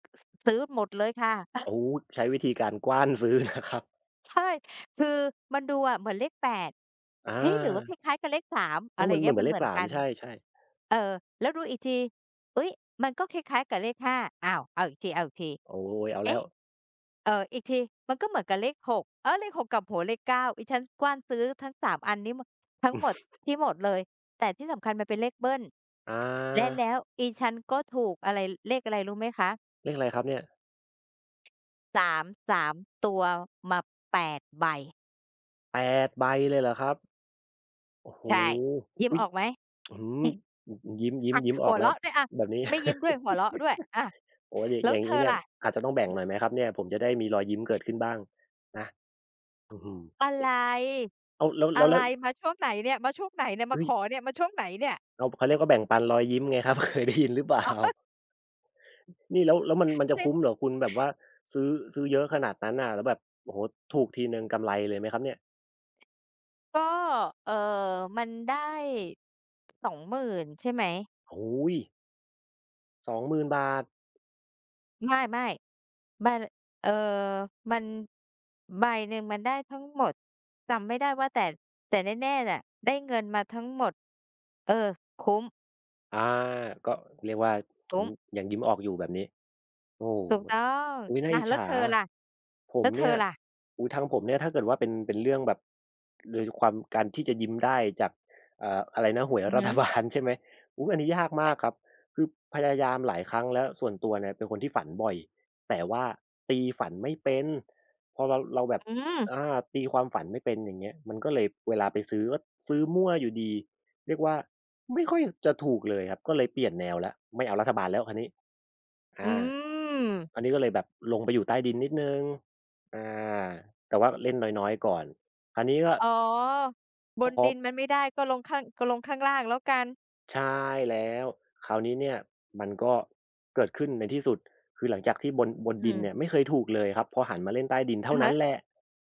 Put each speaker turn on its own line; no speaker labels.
อ ส ซื้อหมดเลยค่ะ
โอ้ ใช้วิธีการกว้าน ซื้อนะครับ
ใช่ คือมันดูอะเหมือนเลข 8
อ
เฮ้ย! หรือว่าค
า
ล้าย ๆ กับเลข 3
แล
อะ
้
ไ
ว
ร
มันเห
เ
ม
งี
ื
้ย ม
อ
ั
น ๆ
น
เล
เห
ข
มือ
ส
น
า
ก
ม
ัน
ใช่ ๆ
เออ แล้วดูอีกที "อุ๊ย มันก็คล้าย ๆ กับเลข 5" อ้าว เอาอีกที
โอ้
ๆ
โฮ เอา
"เ
แ
อ
ล้
๊
ว
ะ เอ่อ อีกทีมันก็เหมือนกับเลข 6 อา เลข 6 กลับหัว เลข 9" อิฉันกว้านซื้อทั้ง 3 อันนี้มะ ทั้งหมด ที่หมดเลย แต่ที่สำคัญมันเป็นเลขเบิล
อ
และแล
า
้วอิฉันก็ถูกอะไร เลขอะไรรู้ไหมคะ?
เลขอะไรครับเนี่ย?
3 3 ตัวมา 8 ใบ
8 ใบ เลยเหรอครับ? โอ้โฮ
ใช่ ยิ้
อ
ม
ุ๊ย
ออกไหม?
อื้อฮือ อืม อืม ยิ้ม ยิ้
อ
ม
า
ยิ้มอ
ห
อ
ั
ก
ว
แล
เร
้ว
าะด้วยอะ
แบบนี้
ไม่ยิ้มด้วย หัวเราะด้วย อา
โอ้โฮ อย่าง
แล้
อย่
ว
าง
เธ
งี้
อ
เนี่
ล
ย
่ะ?
อาจจะต้องแบ่งหน่อยไหมครับเนี่ย? ผมจะได้มีรอยยิ้มเกิดขึ้นบ้าง นะ อื้อฮือ
อะ
เอ
ไ
๊
ร
ะ อ้าว แล้ว แ
อ
ล
ะ
้ว แ
ไ
ล
ร
้ว
มาช่วงไหนเนี่ย มาช่วงไหนเนี่ย
เฮ
มา
้ย
ขอเนี่ย มาช่วงไหนเนี่ย?
อ้าว เขาเรียกว่า แบ่งปันรอยยิ้มไงครับ เคยได้ยินหรือเปล่า?
อ๋อ
นี่แล้ว แล้วมัน มันจะ
เซ
ค
็ก
ุ้มเหรอคุณ แบบว่าซื้อ ซื้อเยอะขนาดนั้นน่ะ แล้วแบบ โอ้โฮ ถูกทีหนึ่งกำไรเลยไหมครับเนี่ย?
ก็ เอ่อ มันได้ 20,000 ใช่ไหม?
โอ้โฮ! 20,000 บาท
ไม่ ๆ มัน ล เอ่อ มัน ใบหนึ่งมันได้ทั้งหมด จำไม่ได้ว่า แต่ แต่แน่ ๆ แหละ ได้เงินมาทั้งหมด เออ คุ้ม
อา ก็เรียกว่า อ
ค
ื
ุ้
ม
ม
ยังยิ้มออกอยู่แบบนี้ โอ้ ว
ถูกต้อง
อุ๊ย น่า
อ
อ
า
ิจ
แ
ฉ
ล้ว
า
เธอ
อะ
ล่ะ
ผ
แล
ม
้วเ
เ
ธ
นี
อ
่ย
ล่ะ?
โอ้โฮ ทางผมเนี่ย ถ้าเกิดว่าเป็น เป็นเรื่องแบบ โดยในความ การที่จะยิ้มได้จาก เอ่อ อะไรนะ หวย
อือ
รั
ฮึ
ฐบาล ใช่ไหม อุ๊ย อันนี้ยากมากครับ คือพยายามหลายครั้งแล้ว ส่วนตัวเนี่ยเป็นคนที่ฝันบ่อย แต่ว่าตีฝันไม่เป็น พอเรา เราแบบ
อืม
อา ตีความฝันไม่เป็น อย่างเงี้ย มันก็เลย เวลาไปซื้อ ก็ซื้อมั่วอยู่ดี เรียกว่า ไม่ค่อย จะถูกเลยครับ ก็เลยเปลี่ยนแนวแล้ว ไม่เอารัฐบาลแล้วคราวนี้ อ
อื
า
ม
อันนี้ก็เลยแบบลงไปอยู่ใต้ดินนิดหนึ่ง อา แต่ว่าเล่นน้อย ๆ ก่อน อันนี้ก็
อ๋อ บ
พ
นดิ
อ
นมันไม่ได้ ก็ลงข้าง ก็ลงข้างล่างแล้วกัน
ใช่แล้ว คราวนี้เนี่ยมันก็เกิดขึ้นในที่สุด คือหลังจากที่บน บน
อื
ดินเนี
ม
่ยไม่เคยถูกเลยครับพอหันมาเล่นใต้ดินเท่
อ
า
ือ
น
ฮ
ั้
ึ
นแหละ